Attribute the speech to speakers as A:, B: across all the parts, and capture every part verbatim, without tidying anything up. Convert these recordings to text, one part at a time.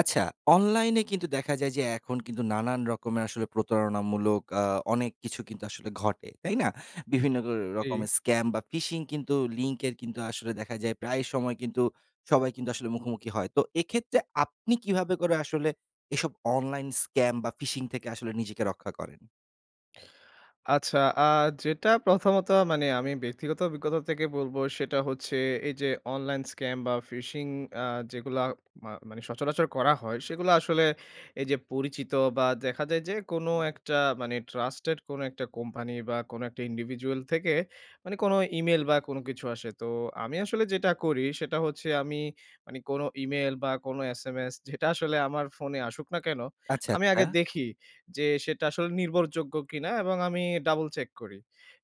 A: আচ্ছা, অনলাইনে কিন্তু দেখা যায় যে এখন কিন্তু নানান রকমের আসলে প্রতারণামূলক আ অনেক কিছু কিন্তু আসলে ঘটে, তাই না? বিভিন্ন র
B: জ্বী।
A: রকমের স্ক্যাম বা phishing কিন্তু লিংকের কিন্তু আসলে দেখা যায় প্রায়ই সময় কিন্তু সবাই কিন্তু আসলে মুখোমুখি হয়। তো এক্ষেত্রে আপনি কীভাবে করে আসলে এসব অনলাইন স্ক্যাম বা ফিশিং থেকে আসলে নিজেকে রক্ষা করেন?
B: আচ্ছা, আ যেটা প্রথমত মানে আমি ব্যক্তিগত অভিজ্ঞতা থেকে বলব সেটা হচ্ছে এই যে অনলাইন স্ক্যাম বা phishing আ যেগুলা মা মানে সচরাচর করা হয় সেগুলা আসলে এই যে পরিচিত বা দেখা যায় যে কোন একটা মানে ট্রাস্টেড কোন একটা কোম্পানি বা কোন একটা individual থেকে মানে কোন ইমেইল বা কোন কিছু আসে। তো আমি আসলে যেটা করি সেটা হচ্ছে আমি মানে কোন ইমেইল বা কোন এসএমএস যেটা আসলে আমার ফোনে আসুক না কেন
A: আচ্ছা,
B: আমি আগে
A: আচ্ছা।
B: দেখি যে সেটা আসলে নির্ভরযোগ্য কিনা এবং আমি ডাবল চেক করি।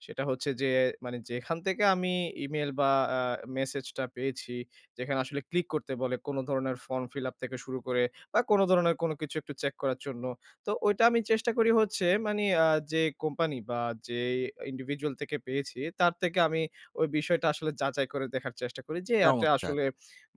B: সেটা হচ্ছে যে মানে যেখান থেকে আমি ইমেইল বা আ মেসেজটা পেয়েছি, যেখানে আসলে ক্লিক করতে বলে, কোন ধরনের ফর্ম ফিল আপ থেকে শুরু করে বা কোন ধরনের কোন কিছু একটু চেক করার জন্য। তো ওইটা আমি চেষ্টা করি হচ্ছে মানে আ যে কোম্পানি বা যে individual থেকে পেয়েছি তার থেকে আমি ওই বিষয়টা আসলে যাচাই করে দেখার চেষ্টা করি যে আটে
A: চমৎকার!
B: আসলে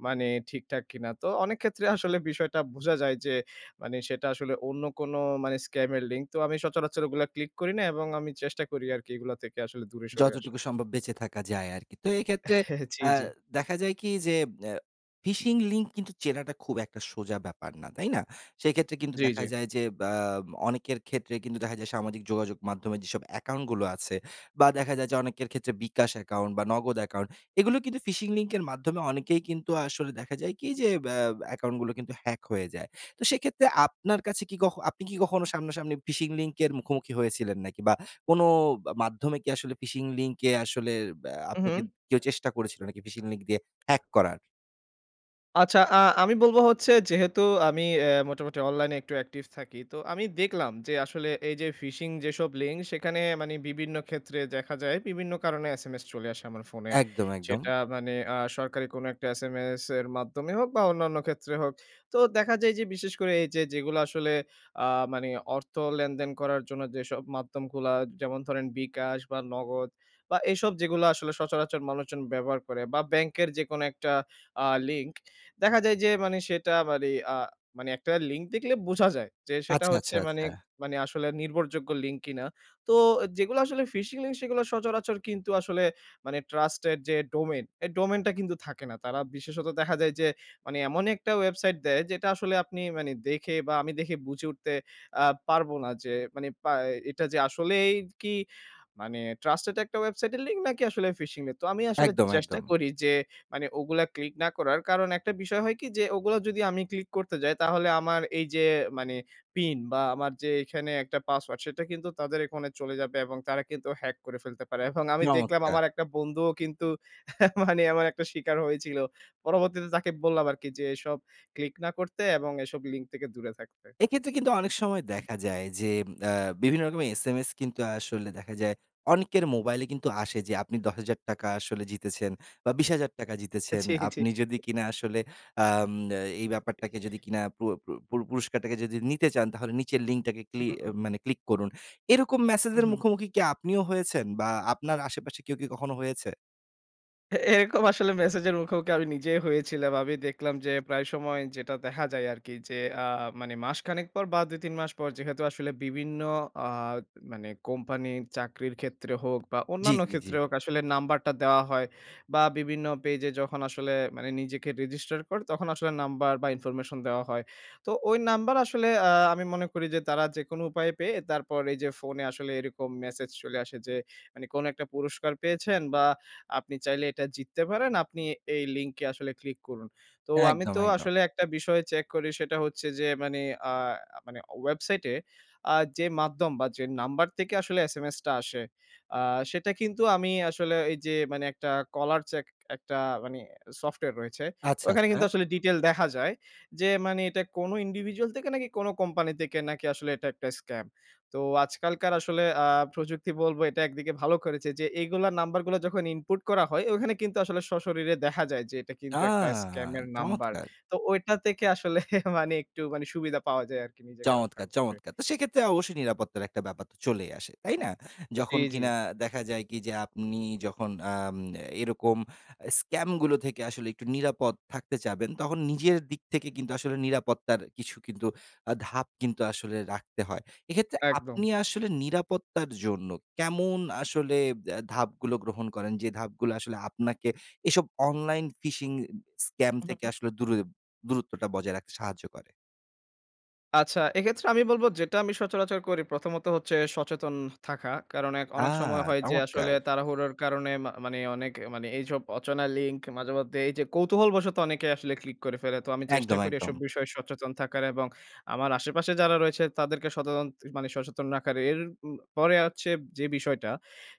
B: মানে ঠিকঠাক কিনা। তো অনেক ক্ষেত্রে আসলে বিষয়টা বুঝা যায় যে মানে সেটা আসলে অন্য কোন মানে স্ক্যাম এর লিঙ্ক। তো আমি সচরাচর ওগুলা ক্লিক করি না এবং আমি চেষ্টা করি আরকি এগুলা থেকে আসলে দূরে সরে আসার।
A: যতটুকু সম্ভব বেঁচে থাকা যায় আরকি। তো এক্ষেত্রে
B: জ্বী,
A: অ্যা
B: জ্বী।
A: দেখা যায় কি যে অ্যা phishing লিংক কিন্তু চেনাটা খুব একটা সোজা ব্যাপার না, তাই না? সেইক্ষেত্রে কিন্তু
B: জ্বী,
A: দেখা
B: জ্বী।
A: যায় বা অনেকের ক্ষেত্রেই কিন্তু দেখা যায় সামাজিক যোগাযোগ মাধ্যমে যেসব অ্যাকাউন্টগুলো আছে বা দেখা যায় যে অনেকের ক্ষেত্রে bKash অ্যাকাউন্ট বা Nagad অ্যাকাউন্ট এগুলো কিন্তু phishing লিঙ্কের মাধ্যমে অনেকেই কিন্তু আসলে দেখা যায় কি যে ব্যা অ্যাকাউন্ট গুলো কিন্তু হ্যাক হয়ে যায়। তো সেক্ষেত্রে আপনার কাছে কি কখ আপনি কি কখনো সামনা-সামনি phishing লিঙ্কের মুখোমুখি হয়েছিলেন নাকি? বা কোন আ মাধ্যমে কি আসলে phishing লিংকে আসলে ব্যা
B: হু,
A: আপনাকে
B: হু।
A: কেউ চেষ্টা করেছিল নাকি phishing লিঙ্ক দিয়ে হ্যাক করার?
B: আচ্ছা আ আমি বলব হচ্ছে যেহেতু আমি এ মোটামুটি অনলাইনে একটু অ্যাকটিভ থাকি। তো আমি দেখলাম যে আসলে এই যে phishing যেসব লিঙ্ক সেখানে মানে বিভিন্ন ক্ষেত্রে দেখা যায় বিভিন্ন কারণে এসএমএস চলে আসে আমার ফোনে।
A: একদম, একদম।
B: সেটা মানে আ সরকারি কোনো একটা এসএমএস এর মাধ্যমে হোক বা অন্যান্য ক্ষেত্রে হোক। তো দেখা যায় যে বিশেষ করে এই যে যেগুলা আসলে আ মানে অর্থ লেনদেন করার জন্য যেসব মাধ্যমগুলা যেমন ধরেন bKash বা Nagad বা এসব যেগুলো আসলে সচরাচর মানুষজন ব্যবহার করে বা ব্যাংকের যেকোনো একটা আ লিঙ্ক। দেখা যায় যে মানে সেটা মানে আ মানে একটা লিঙ্ক দেখলে বোঝা যায় যে সেটা
A: আচ্ছা, আচ্ছা,
B: হচ্ছে মানে
A: আচ্ছা।
B: মানে আসলে নির্ভরযোগ্য লিঙ্ক কিনা। তো যেগুলো আসলে phishing লিঙ্ক সেগুলো সচরাচর কিন্তু আসলে মানে ট্রাস্টেড যে ডোমেইন, এই ডোমেইন টা কিন্তু থাকে না। তারা বিশেষত দেখা যায় যে মানে এমনই একটা ওয়েবসাইট দেয় যেটা আসলে আপনি মানে দেখে বা আমি দেখে বুঝে উঠতে আ পারব না যে মানে পা এ এটা যে আসলেই কি মানে ট্রাস্টেড একটা ওয়েবসাইটের লিংক নাকি আসলে phishing এর। তো আমি আসলে
A: একদম,
B: চেষ্টা
A: একদম।
B: করি যে মানে ওগুলা ক্লিক না করার। কারণ একটা বিষয় হয় কি যে ওগুলো যদি আমি ক্লিক করতে যাই তাহলে আমার এই যে মানে পিন বা আমার যে এখানে একটা পাসওয়ার্ড সেটা কিন্তু তাদের এখনে চলে যাবে এবং তারা কিন্তু হ্যাক করে ফেলতে পারে। এবং আমি দেখলাম
A: চমৎকার!
B: আমার একটা বন্ধুও কিন্তু মানে এমন একটা স্বীকার হয়েছিল। পরবর্তীতে তাকে বললাম আরকি যে এসব ক্লিক না করতে এবং এসব লিঙ্ক থেকে দূরে থাকতে।
A: এক্ষেত্রে কিন্তু অনেক সময়
B: হু।
A: দেখা যায় যে আ বিভিন্ন রকমের এসএমএস কিন্তু আসলে দেখা যায় অনেকের মোবাইলে কিন্তু আসে। যে "আপনি দশ হাজার টাকা আসলে জিতেছেন বা বিশ হাজার টাকা জিতেছেন।
B: জি, জি।
A: আপনি যদি কিনা আসলে আম এ এই ব্যাপারটাকে যদি কিনা পুর পুর পুর পুরস্কারটাকে যদি নিতে চান তাহলে নিচের লিংকটাকে
B: হু,
A: ক্লি
B: হু,
A: এ
B: হু।
A: মানে ক্লিক করুন।" এরকম
B: হু,
A: ম্যাসেজের
B: হু।
A: মুখোমুখি কি আপনিও হয়েছেন বা আপনার আশেপাশে কেউ কি কখনো হয়েছে?
B: এ এরকম আসলে মেসেজের মুখোমুখি আমি নিজেই হয়েছিলাম। আমি দেখলাম যে প্রায় সময় যেটা দেখা যায় আরকি যে আ মানে মাসখানেক পর বা দুই তিন মাস পর যেহেতু আসলে বিভিন্ন আ মানে কোম্পানির চাকরির ক্ষেত্রে হোক বা
A: জি,
B: অন্যান্য
A: জি, জি।
B: ক্ষেত্রে হোক আসলে নাম্বারটা দেওয়া হয়। বা বিভিন্ন পেজে যখন আসলে মানে নিজেকে register করে তখন আসলে নাম্বার বা information দেওয়া হয়। তো ওই নাম্বার আসলে আ আমি মনে করি যে তারা যেকোনো উপায়ে পেয়ে তারপর এইযে ফোনে আসলে এরকম মেসেজ চলে আসে যে মানে কোনো একটা পুরস্কার পেয়েছেন বা আপনি চাইলে এটা জিততে পারেন। আপনি এই লিঙ্কে আসলে ক্লিক করুন। তো আমি
A: একদম,
B: তো
A: একদম।
B: আসলে একটা বিষয় চেক করি সেটা হচ্ছে যে মানে আ মানে ওয়েবসাইটে আ যে মাধ্যম বা যে নাম্বার থেকে আসলে এসএমএস টা আসে, আ সেটা কিন্তু আমি আসলে এইযে মানে একটা কলার চেক একটা মানে সফটওয়্যার রয়েছে।
A: আচ্ছা,
B: ওখানে কিন্তু
A: আচ্ছা?
B: আসলে detail দেখা যায়। যে মানে এটা কোনো individual থেকে নাকি কোনো কোম্পানি থেকে নাকি আসলে এটা একটা স্ক্যাম? তো আজকালকার আসলে আ প্রযুক্তি বলবো এটা একদিকে ভালো করেছে যে এগুলা নাম্বারগুলা যখন ইনপুট করা হয় ওখানে কিন্তু আসলে সশরীরে দেখা যায় যে এটা কিন্তু একটা
A: আহ!
B: স্ক্যামের নাম্বার।
A: চমৎকার!
B: তো ঐটা থেকে আসলে মানে একটু মানে সুবিধা পাওয়া যায় আরকি নিজেকে রক্ষা
A: চমৎকার!
B: করতে।
A: চমৎকার! তো সেক্ষেত্রে অবশ্যই নিরাপত্তার একটা ব্যাপার তো চলেই আসে, তাই না?
B: জি,
A: যখন
B: জি।
A: কিনা দেখা যায় কি যে আপনি যখন আম এরকম স্ক্যামগুলো থেকে আসলে একটু নিরাপদ থাকতে চাবেন, তখন নিজের দিক থেকে কিন্তু আসলে নিরাপত্তার কিছু কিন্তু আ ধাপ কিন্তু আসলে রাখতে হয়। এক্ষেত্রে
B: একদম।
A: আপনি আসলে নিরাপত্তার জন্য কেমন আসলে বে ধাপগুলো গ্রহণ করেন? যে ধাপগুলো আসলে আপনাকে এসব অনলাইন ফিশিং স্ক্যাম
B: হু,
A: থেকে
B: হু।
A: আসলে দূরে দূরত্বটা বজায় রাখতে সাহায্য করে?
B: আচ্ছা। এক্ষেত্রে আমি বলবো যেটা আমি সচরাচর করি প্রথমত হচ্ছে সচেতন থাকা। কারণ এখ অনেক সময়
A: আ!
B: হয় যে আসলে
A: চমৎকার!
B: তাড়াহুড়োর কারণে মা মানে অনেক মানে এইসব অচেনা লিঙ্ক মাঝেমধ্যে এইযে কৌতূহলবশত অনেকেই আসলে ক্লিক করে ফেলে। তো আমি চেষ্টা
A: একদম,
B: করি এসব
A: একদম।
B: বিষয়ে সচেতন থাকার এবং আমার আশেপাশে যারা রয়েছে তাদেরকে সতেতন মানে সচেতন রাখার। এর উম পরে হচ্ছে যে বিষয়টা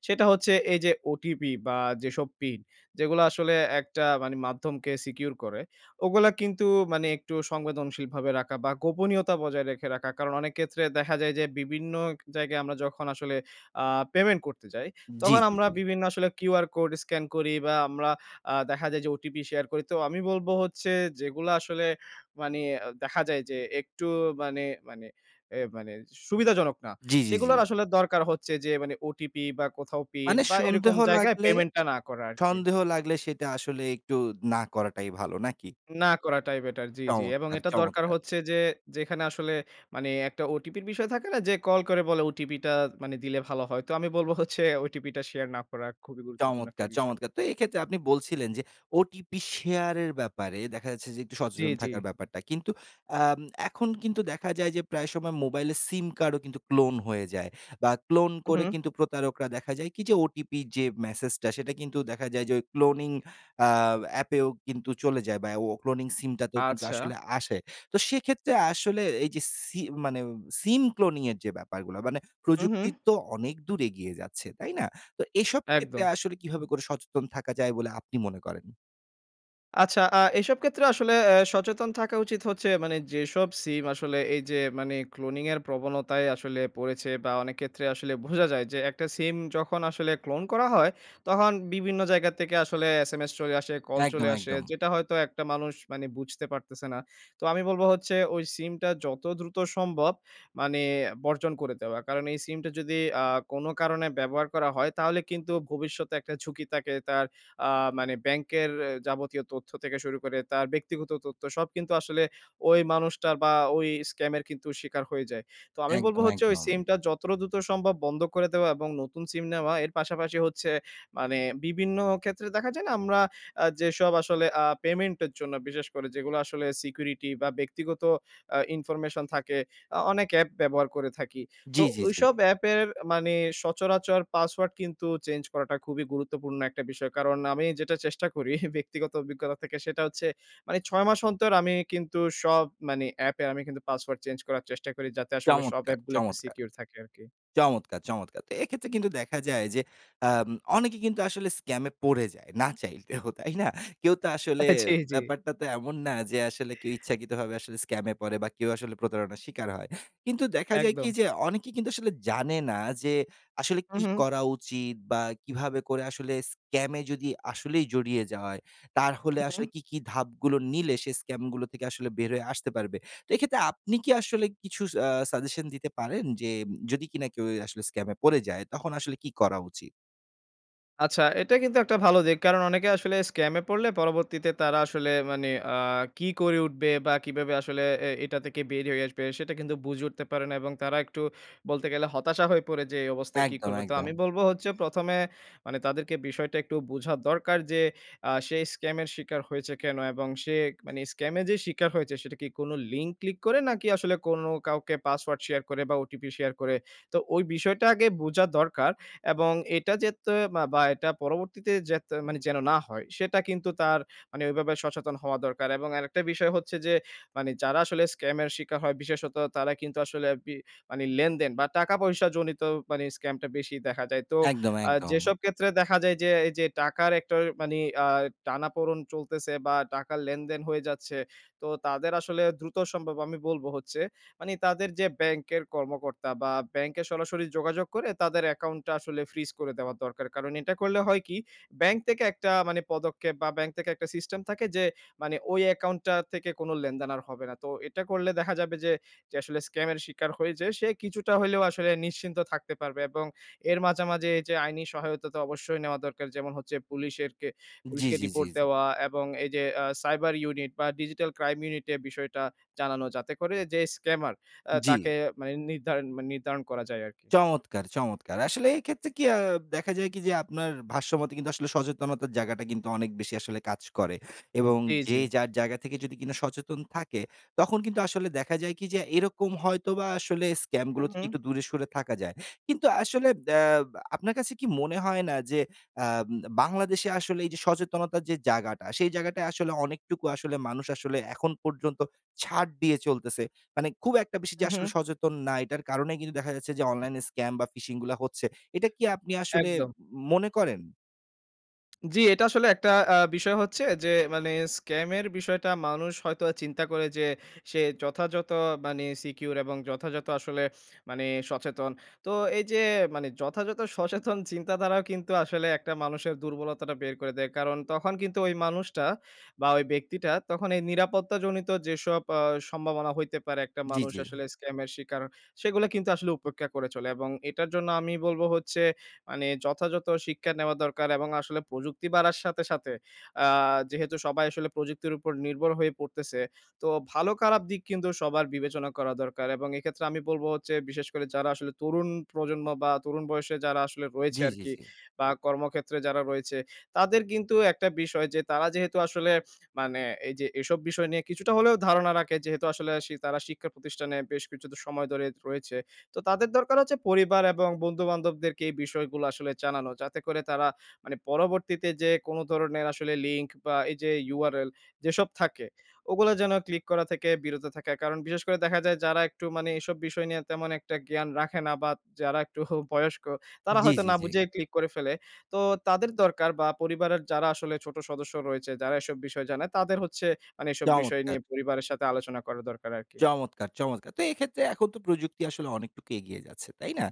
B: সেটা হচ্ছে এইযে ওটিপি বা যেসব পিন যেগুলো আসলে একটা মানে মাধ্যমকে secure করে। ওগুলা কিন্তু মানে একটু সংবেদনশীলভাবে রাখা বা গোপনীয়তা বজায় রেখে রাখা। কারণ, অনেক ক্ষেত্রে দেখা যায় যে বিভিন্ন জায়গায় আমরা যখন আসলে আ পেমেন্ট করতে যাই
A: জি,
B: তখন
A: জি,
B: আমরা
A: জি।
B: বিভিন্ন আসলে কিউআর কোড স্ক্যান করি বা আমরা আ দেখা যায় যে ওটিপি শেয়ার করি। তো আমি বলবো হচ্ছে যেগুলা আসলে মানে দেখা যায় যে একটু মানে মানে এ মানে সুবিধাজনক না।
A: জি, জি, জি।
B: সেগুলোর আসলে দরকার হচ্ছে যে মানে ওটিপি বা কোথাও পিন
A: মানে
B: বা এরকম
A: সন্দেহ
B: জায়গায়
A: লাগলে
B: পেমেন্টটা না করা আরকি।
A: সন্দেহ লাগলে সেটা আসলে একটু না করাটাই ভালো। নাকি?
B: না করাটাই বেটার। জি, জি। এবং
A: চমৎকার,
B: এটা দরকার
A: চমৎকার!
B: হচ্ছে যে যেখানে আসলে মানে একটা ওটিপির বিষয় থাকে না যে কল করে বলে ওটিপি টা মানে দিলে ভালো হয়? তো আমি বলবো হচ্ছে ওটিপি টা শেয়ার না করা খুবই গুরুত্বপূর্ণ একটা
A: চমৎকার,
B: বিষয়।
A: চমৎকার! তো এক্ষেত্রে আপনি বলছিলেন যে, ওটিপি শেয়ারের ব্যাপারে দেখা যাচ্ছে যে একটু
B: জি,
A: সচেতন
B: জি।
A: থাকার ব্যাপারটা। কিন্তু আম এখন কিন্তু দেখা যায় যে, প্রায় সময় মোবাইলের সিম কার্ডও কিন্তু ক্লোন হয়ে যায় বা ক্লোন
B: হুম,
A: করে
B: হুম।
A: কিন্তু প্রতারকরা দেখা যায় কি? যে ওটিপি যে মেসেজটা সেটা কিন্তু দেখা যায় যে ওই ক্লোনিং আ অ্যাপেও কিন্তু চলে যায় বা ও ক্লোনিং সিমটাতেও কিন্তু
B: আচ্ছা।
A: আসলে আসে। তো সেক্ষেত্রে আসলে এইযে সি মানে সিম ক্লোনিং এর যে ব্যাপারগুলা মানে
B: হুম,
A: প্রযুক্তি
B: হুম।
A: তো অনেক দূর এগিয়ে যাচ্ছে। তাই না? তো এসব ক্ষেত্রে
B: একদম।
A: আসলে কীভাবে করে সচেতন থাকা যায় বলে আপনি মনে করেন?
B: আচ্ছা আ এসব ক্ষেত্রে আসলে এ সচেতন থাকা উচিত হচ্ছে মানে যেসব সিম আসলে এই যে মানে cloning এর প্রবণতায় আসলে পড়েছে বা অনেক ক্ষেত্রে আসলে ভোঝা যায় যে একটা সিম যখন আসলে clone করা হয় তহন বিভিন্ন জায়গা থেকে আসলে SMS চলে আসে, কল
A: একদম,
B: চলে আসে।
A: একদম।
B: যেটা হয়তো একটা মানুষ মানে বুঝতে পারতেছে না। তো আমি বলব হচ্ছে ওই সিমটা যত দ্রুত সম্ভব মানে বর্জন করে দেওয়া। কারণ এই সিমটা যদি আ কোন কারণে ব্যবহার করা হয়, তাহলে কিন্তু ভবিষ্যতে একটা ঝুঁকি থাকে তার আ মানে ব্যাংকের এ যাবতীয় তথ্য থেকে শুরু করে তার ব্যক্তিগত তথ্য, সব কিন্তু আসলে ওই মানুষটার বা ওই স্ক্যামের কিন্তু শিকার হয়ে যায়। তো আমি বলব
A: একদম,
B: হচ্ছে ওই
A: একদম।
B: সিমটা যতটা দ্রুত সম্ভব বন্ধ করে দেওয়া এবং নতুন সিম নেওয়া। এর পাশাপাশি হচ্ছে মানে বিভিন্ন ক্ষেত্রে দেখা যায় না আমরা আ যেসব আসলে আ পেমেন্টের জন্য বিশেষ করে যেগুলো আসলে সিকিউরিটি বা ব্যক্তিগত আ ইনফরমেশন থাকে, আ অনেক অ্যাপ ব্যবহার করে থাকি।
A: জি,
B: তো
A: জি, জি।
B: ওইসব অ্যাপের মানে সচরাচর পাসওয়ার্ড কিন্তু চেঞ্জ করাটা খুবই গুরুত্বপূর্ণ একটা বিষয়। কারণ আমি যেটা চেষ্টা করি ব্যক্তিগত অভিজ্ঞতা থেকে সেটা হচ্ছে মানে ছয় মাস অন্তর আমি কিন্তু সব মানে অ্যাপের আমি কিন্তু পাসওয়ার্ড চেঞ্জ করার চেষ্টা করি যাতে আসলে সব
A: চমৎকার,
B: অ্যাপগুলো একটু
A: চমৎকার,
B: সিকিউর থাকে আরকি।
A: চমৎকার, চমৎকার! তো এক্ষেত্রে কিন্তু দেখা যায় যে আম অনেকে কিন্তু আসলে স্ক্যামে পড়ে যায় না চাইতেও, তাই না? কেউ তো আসলে
B: জি, জি।
A: ব্যাপারটা তো এমন না যে আসলে কেউ ইচ্ছাকৃতভাবে আসলে স্ক্যামে পড়ে বা কেউ আসলে প্রতারণার শিকার হয়। কিন্তু দেখা যায় কি
B: একদম।
A: যে অনেকেই কিন্তু আসলে জানে না যে আসলে কি
B: মহুম।
A: করা উচিত? বা কিভাবে করে আসলে স্ক্যামে যদি আসলেই জড়িয়ে যায়, তারহলে
B: মহুম।
A: আসলে কি, কি ধাপগুলো নিলে সে স্ক্যামগুলো থেকে আসলে বের হয়ে আসতে পারবে? তো এক্ষেত্রে আপনি কি আসলে কিছু স আ সাজেশন দিতে পারেন? যে যদি কিনা কেউ এ আসলে স্ক্যামে পড়ে যায়, তখন আসলে কি করা উচিত?
B: আচ্ছা এটা কিন্তু একটা ভালো দিক। কারণ অনেকে আসলে scam এ পড়লে পরবর্তীতে তারা আসলে মানে আ কি করে উঠবে বা কিভাবে আসলে এ এটা থেকে বের হয়ে আসবে? সেটা কিন্তু বুঝে উঠতে পারে না। এবং তারা একটু বলতে গেলে হতাশা হয়ে পড়ে যে এই অবস্থায় কী
A: একদম,
B: করবে? তো
A: একদম।
B: আমি বলব হচ্ছে, প্রথম এ মানে তাদেরকে বিষয়টা একটু বুঝা দরকার যে আ সে scam এর শিকার হয়েছে কেন? এবং সেক মানে scam এ যে শিকার হয়েছে, সেটা কি কোন লিঙ্ক ক্লিক করে নাকি আসলে কোনো কাউকে password share করে বা OTP শেয়ার করে? তো ওই বিষয়টা আগে বুঝা দরকার। এবং এটা যেত্তয়ে মা বা এটা পরবর্তীতে যেত মানে যেন না হয়, সেটা কিন্তু তার মানে ওইভাবে সচেতন হওয়া দরকার। এবং আরেকটা বিষয় হচ্ছে যে, মানে যারা আসলে scam এর শিকার হয় বিশেষত তারা কিন্তু আসলে আরপি মানে লেনদেন বা টাকা-পয়সাজনিত মানে scam টা বেশি দেখা যায়। তো
A: একদম,
B: আ
A: একদম।
B: যেসব ক্ষেত্রে দেখা যায় যে, এই যে টাকার একটও ওই মানে আ টানাপোড়ন চলতেছে বা টাকার লেনদেন হয়ে যাচ্ছে, তো তাদের আসলে দ্রুত সম্ভব আমি বলব হচ্ছে মানে তাদের যে ব্যাংকের কর্মকর্তা বা ব্যাংকে সরাসরি যোগাযোগ করে, তাদের অ্যাকাউন্ট টা আসলে freeze করে দেওয়া দরকার। কারণ এটা করলে হয় কি, ব্যাংক থেকে একটা মানে পদক্ষেপ বা ব্যাংক থেকে একটা সিস্টেম থাকে যে, মানে ওই অ্যাকাউন্ট টা থেকে কোন লেনদেন আর হবে না। তো এটা করলে দেখা যাবে যে যে আসলে scam এর শিকার হইজে, সে কিছুটা হইলেও আসলে নিশ্চিন্ত থাকতে পারবে। এবং এর মাঝা, মাঝে যে আইনি সহায়তা তো অবশ্যই নেওয়া দরকার। যেমন হচ্ছে পুলিশের কে
A: জি,
B: পুলিশকে
A: জি, জি,
B: রিপোর্ট
A: জি।
B: দেওয়া এবং এই যে আ cyber unit বা digital crime unit এ বিষয়টা জানানো। যাতে করে যে scammer আ
A: জি।
B: তাকে মানে নির্ধারণ মানে নির্ধারণ করা যায় আরকি।
A: চমৎকার চমৎকার! আসলে এইক্ষেত্রে কি আ দেখা যায় কি যে আপনার ভাষ্য মতে কিন্তু আসলে সচেতনতার জায়গাটা কিন্তু অনেক বেশি আসলে কাজ করে। এবং
B: জি, জি।
A: যে যার জায়গা থেকে যদি কিনা সচেতন থাকে, তখন কিন্তু আসলে দেখা যায় কি যে এরকম হয়তোবা আসলে scam গুলো
B: হুম,
A: থেকে
B: হুম।
A: একটু দূরে সরে থাকা যায়। কিন্তু আসলে দ্যা বা আপনার কাছে কি মনে হয় না? যে আ উম বাংলাদেশে আসলে এই যে সচেতনতার যে যাগাটা সেই জায়গাটায় আসলে অনেকটুকু আসলে মানুষ আসলে এখন পর্যন্ত ছাড় দিয়ে চলতেছে? মানে খুব একটা বেশি যে আসলে
B: উ-হুম।
A: সচেতন না, এইটার কারণেই কিন্তু দেখা যাচ্ছে যে অনলাইনে scam বা phishing গুলা হচ্ছে। এটা কি আপনি আসলে
B: একদম।
A: উম মনে করেন?
B: জ্বি, এটা আসলে একটা আ বিষয় হচ্ছে যে মানে স্ক্যামের বিষয়টা মানুষ হয়তোবা চিন্তা করে যে, সে যথাযথ মানে secure এবং যথাযথ আসলে মানে সচেতন। তো এইযে মানে যথাযথ সচেতন চিন্তাধারাও কিন্তু আসলে একটা মানুষের দুর্বলতাটা বের করে দেয়। কারণ, তখন কিন্তু ওই মানুষটা বা ঐ ব্যক্তিটা তখন এই নিরাপত্তাজনিত যেসব আ সম্ভাবনা হইতে পারে। একটা
A: জি,
B: মানুষ
A: জি।
B: আসলে স্ক্যামের শিকার সেগুলা কিন্তু আসলে উপেক্ষা করে চলে। এবং এটার জন্য আমি বলবো হচ্ছে মানে যথাযথ শিক্ষা নেওয়া দরকার এবং আসলে প্রযুক্তি বাড়ার সাথে, সাথে আ যেহেতু সবাই আসলে প্রযুক্তির উপর নির্ভর হয়ে পড়তেছে। তো ভালো-খারাপ দিক কিন্তু সবার বিবেচনা করা দরকার। এবং এক্ষেত্রে আমি বলবো হচ্ছে বিশেষ করে যারা আসলে তরুণ প্রজন্ম বা তরুণ বয়সে যারা আসলে রয়েছে
A: জি, জি,
B: আরকি।
A: জি।
B: বা কর্মক্ষেত্রে যারা রয়েছে তাদের কিন্তু একটা বিষয় যে তারা যেহেতু আসলে মানে এইযে এসব বিষয় নিয়ে কিছুটা হলেও ধারণা রাখে, যেহেতু আসলে শি তারা শিক্ষা প্রতিষ্ঠানে বেশ কিছুটা সময় ধরে রয়েছে। তো তাদের দরকার হচ্ছে পরিবার এবং বন্ধু-বান্ধবদেরকে এই বিষয়গুলো আসলে জানানো। যাতে করে তারা মানে পরবর্তীতে যেয়ে কোনো ধরনের আসলে লিঙ্ক বা এই যে URL যেসব থাকে, ওগুলা যেন ক্লিক করা থেকে বিরত থাকে। কারণ বিশেষ করে দেখা যায় যারা একটু মানে এসব বিষয় নিয়ে তেমন একটা জ্ঞান রাখে না বা যারা একটু বয়স্ক, তারা
A: জি,
B: হয়তো
A: জি,
B: না
A: জি।
B: বুঝেই ক্লিক করে ফেলে। তো তাদের দরকার বা পরিবারের যারা আসলে ছোট সদস্য রয়েছে, যারা এসব বিষয় জানে, তাদের হচ্ছে মানে এসব বিষয়
A: চমৎকার!
B: নিয়ে পরিবারের সাথে আলোচনা করা দরকার আরকি।
A: চমৎকার, চমৎকার! তো এক্ষেত্রে এখন তো প্রযুক্তি আসলে অনেকটুকু এগিয়ে যাচ্ছে। তাই না?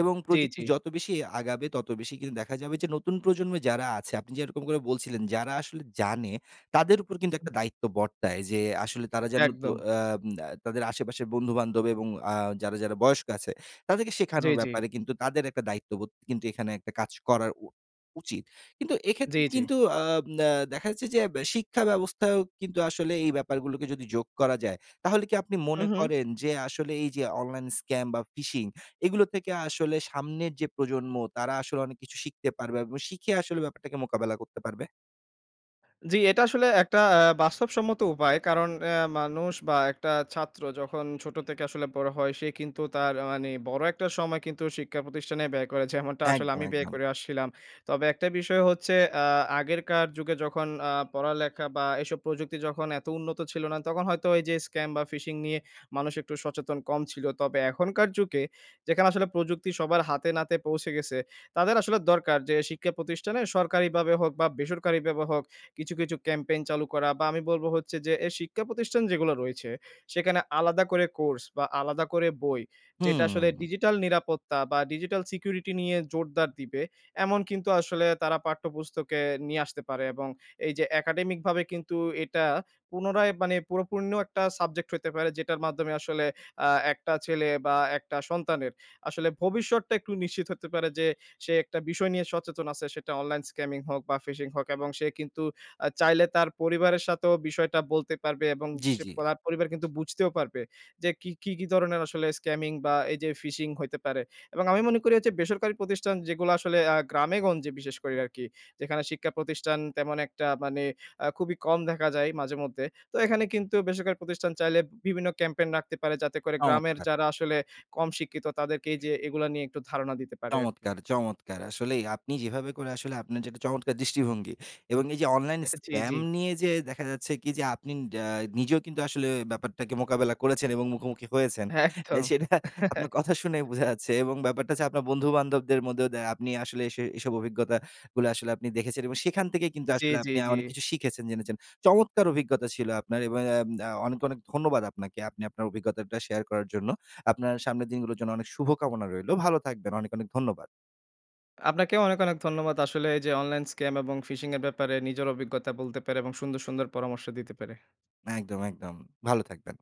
A: এবং
B: জি,
A: প্রযুক্তি
B: জি।
A: যত বেশি আগাবে, তত বেশি কিন্তু দেখা যাবে যে নতুন প্রজন্মে যারা আছে, আপনি যেরকম করে বলছিলেন যারা আসলে জানে তাদের উপর কিন্তু
B: হুম।
A: একটা দায়িত্ব বর্তায়। যে আসলে তারা যেন তো
B: একদম।
A: আম আ তাদের আশেপাশের বন্ধু-বান্ধব এবং আ যারা, যারা বয়স্ক আছে তাদেরকে
B: জি,
A: শেখানোর
B: জি।
A: ব্যাপারে কিন্তু তাদের একটা দায়িত্ববোধ কিন্তু এখানে একটা কাজ করার উ উচিৎ। কিন্তু
B: জি,
A: এক্ষেত্রে
B: জি।
A: কিন্তু আম আ দেখা যাচ্ছে যে বে শিক্ষা ব্যবস্থায়ও কিন্তু আসলে এই ব্যাপারগুলোকে যদি যোগ করা যায়, তাহলে কি আপনি
B: হু,
A: মনে
B: হু।
A: করেন যে আসলে এইযে অনলাইন স্ক্যাম বা phishing এগুলো থেকে আসলে সামনের যে প্রজন্ম, তারা আসলে অনেক কিছু শিখতে পারবে এবং শিখে আসলে ব্যাপারটাকে মোকাবেলা করতে পারবে?
B: জি এটা আসলে একটা অ্যা বাস্তবসম্মত উপায়। কারণ অ্যা মানুষ বা একটা ছাত্র যখন ছোট থেকে আসলে বড় হয়, সে কিন্তু তার আ মানে বড় একটা সময় কিন্তু শিক্ষা প্রতিষ্ঠানে ব্যয় করে। যেমনটা আসলে
A: একদম,
B: আমি ব্যয়
A: একদম।
B: করে আসছিলাম। তবে একটা বিষয় হচ্ছে আ আগেরকার যুগে যখন আ পড়ালেখা বা এইসব প্রযুক্তি যখন এত উন্নত ছিল না, তখন হয়তো ওই যে scam বা phishing নিয়ে মানুষ একটু সচেতন কম ছিল। তবে এখনকার যুগে, যেখানে আসলে প্রযুক্তি সবার হাতে-নাতে পৌঁছে গেছে, তাদের আসলে দরকার যে শিক্ষা প্রতিষ্ঠানে সরকারিভাবে হোক বা বেসরকারিভাবে হোক কিছু, কিছু ক্যাম্পেইন চালু করা। বা আমি বলব হচ্ছে যে এ শিক্ষা প্রতিষ্ঠান যেগুলা রইছে, সেখানে আলাদা করে কোর্স বা আলাদা করে বই, যেটা আসলে
A: হুম।
B: ডিজিটাল নিরাপত্তা বা ডিজিটাল সিকিউরিটি নিয়ে জোরদার দিবে। এমন কিন্তু আসলে তারা পাঠ্যপুস্তকে নিয়ে আসতে পারে, এবং এই যে একাডেমিকভাবে কিন্তু এটা পুনরায় মানে পুরোপূর্ণ একটা সাবজেক্ট হইতে পারে, যেটার মাধ্যমে আসলে আ একটা ছেলে বা একটা সন্তানের আসলে ভবিষ্যৎটা একটু নিশ্চিত হতে পারে যে সে একটা বিষয় নিয়ে সচেতন আছে, সেটা online scamming হোক বা phishing হোক। এবং সে কিন্তু আ চাইলে তার পরিবারের সাথেও বিষয়টা বলতে পারবে এবং
A: জি,
B: সে
A: জি।
B: পো তার পরিবার কিন্তু বুঝতেও পারবে। যে কী কী, কী ধরনের আসলে scamming বা এই যে phishing হইতে পারে এবং আমি মনে করি এইযে বেসরকারি প্রতিষ্ঠান যেগুলো আসলে আ গ্রামে-গঞ্জে বিশেষ করে রারকি। যেখানে শিক্ষা প্রতিষ্ঠান তেমন একটা মানে আ খুবই কম দেখা যায় মাঝে-মধ্যে। তো এখানে কিন্তু বেসরকারি প্রতিষ্ঠান চাইলে উম বিভিন্ন ক্যাম্পেইন নাকতে পারে, যাতে করে গ্রামের
A: অমৎকার!
B: যারা আসলে কম শিক্ষিত তাদেরকে এইযে এগুলা নিয়ে একটু ধারণা দিতে পারে আরকি।
A: চমৎকার, চমৎকার! আসলেই আপনি যেভাবে করে আসলে আপনার যেটা চমৎকার দৃষ্টিভঙ্গি! এবং এই যে অনলাইন
B: জি,
A: স্ক্র্যাম
B: জি।
A: নিয়ে যে দেখা যাচ্ছে কি যে আপনি ড্যা নিজেও কিন্তু আসলে ব্যাপারটাকে মোকাবেলা করেছেন এবং মুখোমুখি হয়েছেন। অ্যা
B: একদম।
A: সেটা আপনার কথা শুনেই বোঝা যাচ্ছে। এবং ব্যাপারটা ছে আপনার বন্ধু-বান্ধবদের মধ্যেও দ্যা আপনি আসলে সে এসব অভিজ্ঞতা গুলা আসলে আপনি দেখেছেন। এবং সেখান থেকেই কিন্তু
B: জি,
A: আসলে
B: জি,
A: আপনি আ
B: জি।
A: অনেক কিছু শিখেছেন, জেনেছেন। চমৎকার অভিজ্ঞতা ছিল আপনার! এবং অ্যাম আ অনেক, অনেক ধন্যবাদ আপনাকে। আপনি আপনার অভিজ্ঞতাটা শেয়ার করার জন্য। আপনার সামনের দিনগুলোর জন্য অনেক শুভকামনা রইলো। ভালো থাকবেন। অনেক, অনেক ধন্যবাদ।
B: আপনাকেও অনেক, অনেক ধন্যবাদ। আসলে এই যে অনলাইন scam এবং phishing এর ব্যাপারে নিজের অভিজ্ঞতা বলতে পেরে এবং সুন্দর, সুন্দর পরামর্শ দিতে পেরে।
A: একদম, একদম। ভালো থাকবেন।